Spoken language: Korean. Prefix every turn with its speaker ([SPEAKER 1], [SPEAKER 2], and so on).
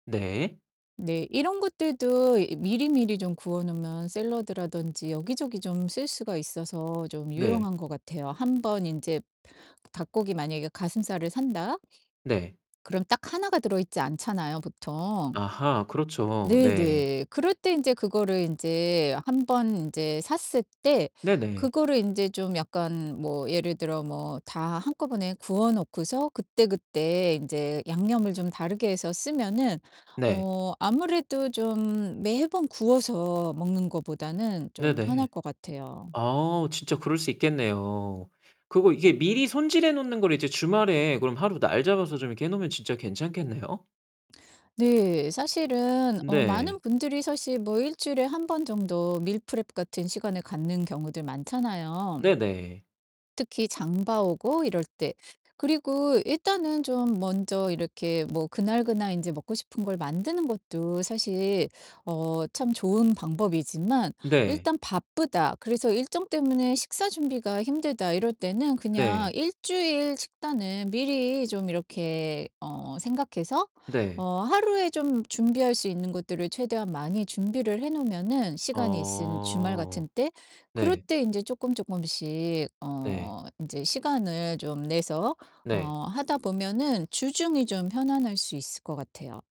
[SPEAKER 1] 네.
[SPEAKER 2] 네, 이런 것들도 이 미리미리 좀 구워 놓으면 샐러드라든지 여기저기 좀 쓸 수가 있어서 좀
[SPEAKER 1] 네.
[SPEAKER 2] 유용한 것 같아요. 한 번 인제 닭고기 만약에 가슴살을 산다
[SPEAKER 1] 네.
[SPEAKER 2] 그럼 딱 하나가 들어있지 않잖아요, 보통.
[SPEAKER 1] 아하 그렇죠.
[SPEAKER 2] 네.
[SPEAKER 1] 네.
[SPEAKER 2] 네. 그럴 때 인제 그거를 인제 한 번 인제 샀을 때
[SPEAKER 1] 네네.
[SPEAKER 2] 그거를 인제 좀 약간 뭐 예를 들어 뭐 다 한꺼번에 구워 놓고서 그때 그때 인제 양념을 좀 다르게 해서 쓰면은
[SPEAKER 1] 네.
[SPEAKER 2] 어 아무래도 좀 매번 구워서 먹는 거보다는 좀 편할
[SPEAKER 1] 네네.
[SPEAKER 2] 것 같아요.
[SPEAKER 1] 아 진짜 그럴 수 있겠네요. 그거 이게 미리 손질해 놓는 거를 이제 주말에 그럼 하루 날 잡아서 좀 이렇게 해 놓으면 진짜 괜찮겠네요?
[SPEAKER 2] 네. 사실은 어 많은
[SPEAKER 1] 네.
[SPEAKER 2] 분들이 사실 뭐 일주일에 1 번 정도 meal prep 같은 시간을 갖는 경우들 많잖아요.
[SPEAKER 1] 네네.
[SPEAKER 2] 특히 장 봐 오고 이럴 때. 그리고 일단은 좀 먼저 이렇게 뭐 그날 그날 인제 먹고 싶은 걸 만드는 것도 사실 어 참 좋은 방법이지만
[SPEAKER 1] 네.
[SPEAKER 2] 일단 '바쁘다. 그래서 일정 때문에 식사 준비가 힘들다.' 이럴 때는 그냥
[SPEAKER 1] 네.
[SPEAKER 2] 일주일 식단은 미리 좀 이렇게 어 생각해서
[SPEAKER 1] 네.
[SPEAKER 2] 어 하루에 좀 준비할 수 있는 것들을 최대한 많이 준비를 해 놓으면은 시간이 있은 주말
[SPEAKER 1] 어
[SPEAKER 2] 같은 때 그럴
[SPEAKER 1] 네.
[SPEAKER 2] 때 인제 쪼끔쪼끔씩
[SPEAKER 1] 네.
[SPEAKER 2] 어 인제 시간을 좀 내서 어
[SPEAKER 1] 네.
[SPEAKER 2] 하다 보면은 주중이 좀 편안할 수 있을 것 같아요.